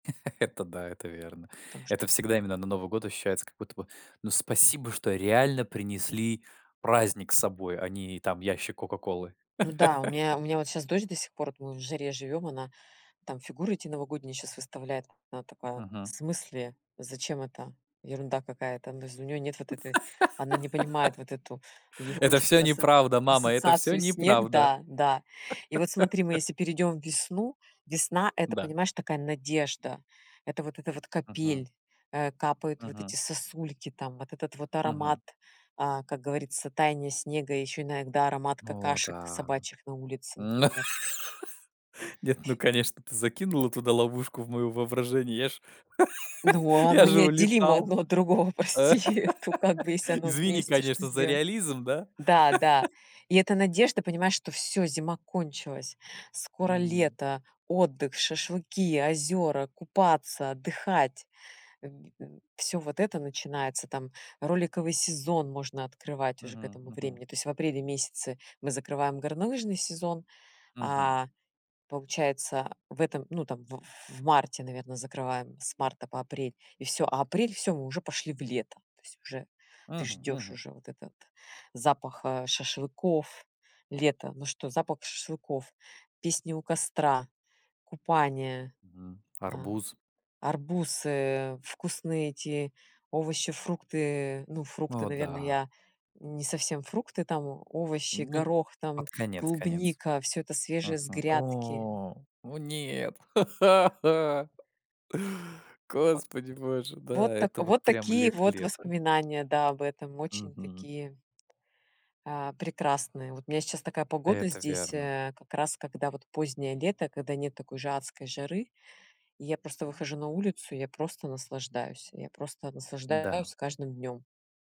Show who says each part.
Speaker 1: Это да, это верно.
Speaker 2: Там
Speaker 1: Это
Speaker 2: что
Speaker 1: всегда именно на Новый год ощущается как будто бы: "Ну, спасибо, что реально принесли праздник с собой, а не там ящик 'Кока-колы'".
Speaker 2: Ну да, у меня у меня вот щас дочь до сих пор, вот мы в жаре живём, она там фигуры эти новогодние щас выставляет. Она такая: "В
Speaker 1: Мгм.
Speaker 2: смысле? Зачем это? Ерунда какая-то!" Ну, то есть, у неё нет вот этой она не понимает вот эту ей
Speaker 1: "Это всё
Speaker 2: хочется со
Speaker 1: неправда, мама, это всё
Speaker 2: ассоциацию снег
Speaker 1: неправда".
Speaker 2: Да, да. И вот смотри, мы если перейдём в весну, весна- это,
Speaker 1: Да.
Speaker 2: понимаешь, такая надежда. Это вот эта вот
Speaker 1: Мгм.
Speaker 2: капель, э, капают вот
Speaker 1: Мгм.
Speaker 2: эти сосульки там, вот этот вот аромат,
Speaker 1: Мгм.
Speaker 2: а, как говорится, таяния снега, ещё иногда аромат
Speaker 1: О
Speaker 2: какашек
Speaker 1: да.
Speaker 2: собачьих на улице, например.
Speaker 1: Нет, ну конечно, ты закинула туда ловушку в моё воображение, я ж
Speaker 2: Ну, а
Speaker 1: я
Speaker 2: оно
Speaker 1: же
Speaker 2: неотделимо
Speaker 1: улетал.
Speaker 2: одно от другого,
Speaker 1: Э,
Speaker 2: прости, э, то как бы если оно
Speaker 1: извини,
Speaker 2: вместе, что
Speaker 1: конечно, за
Speaker 2: сдела
Speaker 1: реализм, да.
Speaker 2: Да, да. И это надежда, понимаешь, что всё: зима кончилась, скоро
Speaker 1: М.
Speaker 2: лето, отдых, шашлыки, озёра, купаться, отдыхать. В в всё вот это начинается. Там роликовый сезон можно открывать уже к
Speaker 1: Мгм
Speaker 2: этому
Speaker 1: мгм.
Speaker 2: времени. То есть в апреле месяце мы закрываем горнолыжный сезон,
Speaker 1: Мгм.
Speaker 2: а получается в этом, ну, там в в марте, наверно, закрываем с марта по апрель, и всё. А апрель- всё, мы уже пошли в лето. То есть уже ты
Speaker 1: Мгм
Speaker 2: ждешь
Speaker 1: мгм.
Speaker 2: уже вот этот запах, э, шашлыков, лета. Ну что: запах шашлыков, песни у костра, купание,
Speaker 1: Мгм,
Speaker 2: ам,
Speaker 1: арбуз.
Speaker 2: арбузы, вкусные эти овощи-фрукты. Ну, фрукты,
Speaker 1: О,
Speaker 2: наверно,
Speaker 1: да!
Speaker 2: я не совсем фрукты, там о овощи,
Speaker 1: Ну д
Speaker 2: горох, там
Speaker 1: под конец конец.
Speaker 2: клубника, всё это свежее с
Speaker 1: Мгм.
Speaker 2: грядки.
Speaker 1: О, о нет.
Speaker 2: Вот.
Speaker 1: Господи боже, да,
Speaker 2: Вот так
Speaker 1: это вот
Speaker 2: вот
Speaker 1: прям
Speaker 2: такие
Speaker 1: лето
Speaker 2: вот
Speaker 1: лето.
Speaker 2: воспоминания, да, об этом. Очень
Speaker 1: Мгм.
Speaker 2: такие, а, прекрасные. Вот у меня сейчас такая погода
Speaker 1: Это
Speaker 2: здесь,
Speaker 1: верно.
Speaker 2: э, как раз когда вот позднее лето, когда нет такой же адской жары. И я просто
Speaker 1: М.
Speaker 2: выхожу на улицу, я просто наслаждаюсь. Я просто
Speaker 1: М-да.
Speaker 2: наслаждаюсь каждым днём.